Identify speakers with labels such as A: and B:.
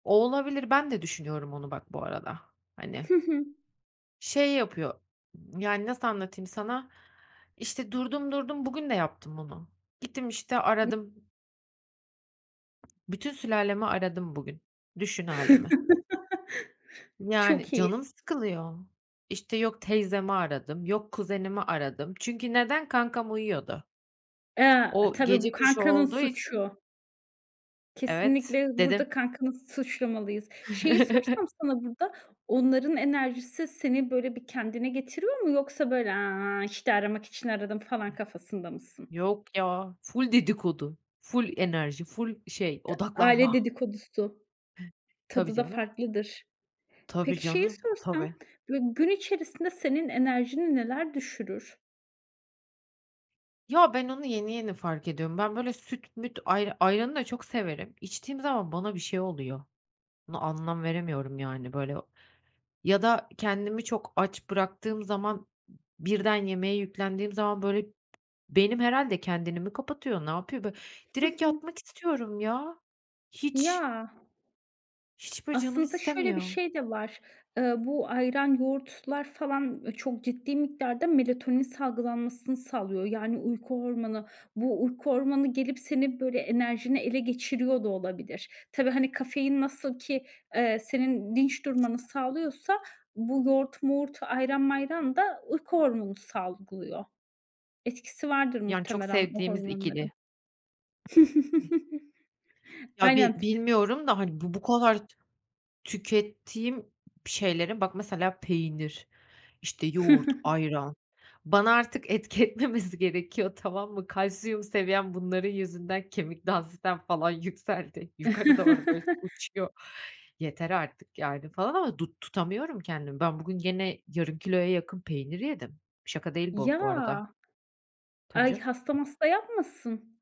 A: Olabilir, ben de düşünüyorum onu bak bu arada, hani.
B: Hı hı.
A: Şey yapıyor, yani nasıl anlatayım sana, işte, durdum durdum bugün de yaptım bunu gittim, işte,
B: [unintelligible]
A: aradım. Bütün sülalemi aradım bugün. Düşün hâlimi. Yani,
B: Çok iyi.
A: canım sıkılıyor. İşte, yok teyzemi aradım, yok kuzenimi aradım. Çünkü neden? Kankam uyuyordu.
B: A,
A: O,
B: tabii bu
A: gece kuşu
B: kankanın
A: olduğu için
B: suçu.
A: Evet,
B: Kesinlikle, burada
A: dedim.
B: kankanı suçlamalıyız. Şeyi sorsam sana burada, onların enerjisi seni böyle bir kendine getiriyor mu? Yoksa böyle, "Aaa, işte, aramak için aradım." falan kafasında mısın?
A: Yok ya, ful dedikodu, ful enerji, ful şey
B: Ta aile
A: odaklanma.
B: dedikodusu...
A: Tabii canım. Tabii
B: Tadı da
A: canım.
B: farklıdır.
A: Tabii
B: Peki, şeyi
A: canım,
B: sorsam,
A: tabii.
B: böyle gün içerisinde senin enerjini neler düşürür?
A: Ya, ben onu yeni yeni fark ediyorum. Ben böyle süt müt, ayr ayranı da çok severim. İçtiğim zaman bana bir şey oluyor. Buna anlam veremiyorum yani böyle. Ya da kendimi çok aç bıraktığım zaman, b birden yemeğe yüklendiğim zaman böyle, b beynim herhâlde kendini mi kapatıyor, ne yapıyor bö
B: Hı
A: direkt
B: hı.
A: yatmak istiyorum ya. Hiç.
B: Ya.
A: Hiç böyle canım
B: Aslında şöyle bir
A: istemiyor.
B: şey de var. Iıı, bu ayran, yoğurtlar falan çok ciddi miktarda melatonin salgılanmasını sağlıyor. Yani uyku hormonu. Bu uyku hormonu, gelip senin böyle enerjini ele geçiriyor da olabilir. Tabii, hani, kafein nasıl ki, eee, senin dinç durmanı sağlıyorsa bu yoğurt moğurt, ayran mayran da uyku hormonu salgılıyor. Etkisi vardır
A: Yani, çok
B: muhtemelen bu
A: sevdiğimiz ikili.
B: hormonların.
A: Ya bi
B: Aynen t
A: bilmiyorum da, hani, bu bu kadar t tükettiğim ş şeylere bak mesela; peynir, işte, yoğurt, ayran. Bana artık etki etmemesi gerekiyor, tamam mı? Kalsiyum seviyem bunların yüzünden kemik dansitem falan yükseldi. Yukarı doğru böyle uçuyor. Yeter artık yani falan ama du tutamıyorum kendimi. Ben bugün gene yarım kiloya yakın peynir yedim. Şaka değil bu,
B: Ya
A: bu arada. Tabii
B: Ay
A: canım.
B: hasta masta yapmasın?